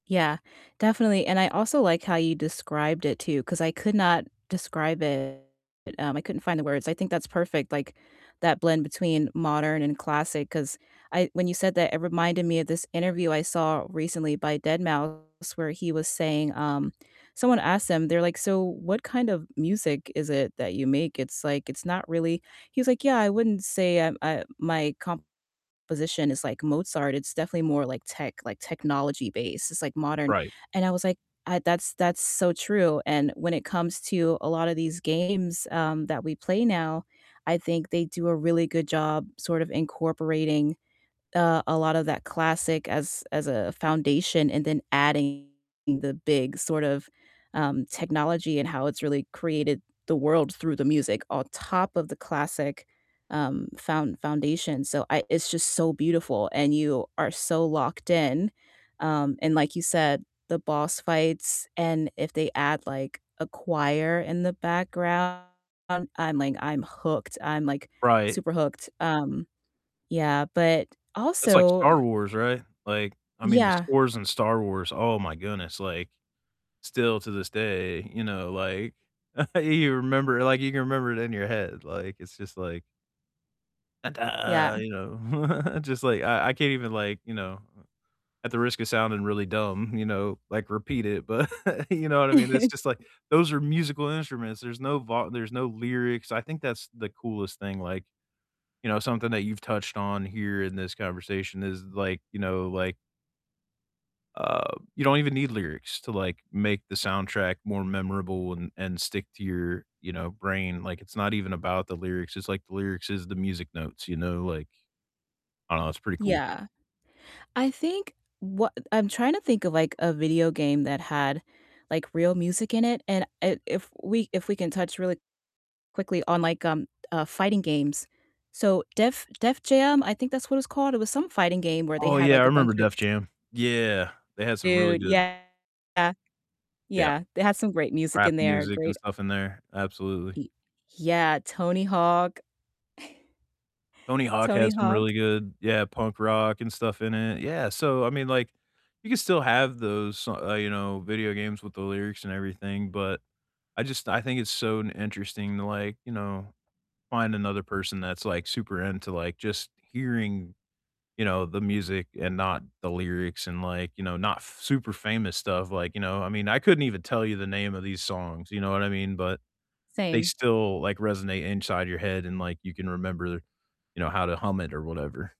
Yeah, definitely. And I also like how you described it too, 'cause I could not describe it, um, I couldn't find the words. I think that's perfect, like that blend between modern and classic, 'cause I when you said that it reminded me of this interview I saw recently by deadmau5 where he was saying, um, someone asked him, they're like, "So what kind of music is it that you make? It's like it's not really" He was like, "Yeah, I wouldn't say, uh, uh, my composition is like Mozart. It's definitely more like tech, like technology based. It's like modern." Right. And I was like, I that's that's so true, and when it comes to a lot of these games, um, that we play now, I think they do a really good job sort of incorporating, uh, a lot of that classic as as a foundation and then adding the big sort of, um, technology and how it's really created the world through the music on top of the classic, um, found foundation. So I it's just so beautiful, and you are so locked in. Um, and like you said, the boss fights and if they add like a choir in the background, I'm like, I'm hooked. I'm like Right. super hooked. Um, yeah. But That's like also Star Wars, right? Like, I mean, the Yeah. scores in Star Wars, oh my goodness, like, still to this day, you know, like, you remember, like, you can remember it in your head. Like, it's just like Yeah. you know. Just like, I I can't even like, you know, at the risk of sounding really dumb, you know, like repeat it, but you know what I mean? It's just like those are musical instruments. There's no vo there's no lyrics. I think that's the coolest thing like, you know, something that you've touched on here in this conversation is like, you know, like uh, you don't even need lyrics to like make the soundtrack more memorable and and stick to your, you know, brain. Like it's not even about the lyrics. It's like the lyrics is the music notes, you know? Like, I don't know, it's pretty cool. Yeah. I think wha I'm trying to think of like a video game that had like real music in it, and, eh, if we if we can touch really quickly on like, um, uh, fighting games. So Def Def Jam, I think that's what it's called, it was some fighting game where they Oh had yeah, I like a bunch remember of Def Jam. Yeah. They had some really Dude, good yeah. Yeah. Yeah, they had some great music Rap in there, music and great stuff in there. Absolutely. Y yeah, Tony Hawk. Tony Hawk had Tony some Hawk. really good, yeah, punk rock and stuff in it. Yeah, so I mean, like you could still have those s uh, you know, video games with the lyrics and everything, but I just I think it's so interesting to like, you know, find another person that's like super into like just hearing, you know, the music and not the lyrics and like, you know, not f super famous stuff. Like, you know, I mean, I couldn't even tell you the name of these songs, you know what I mean? But they Same. still like resonate inside your head and like you can remember, you know, how to hum it or whatever.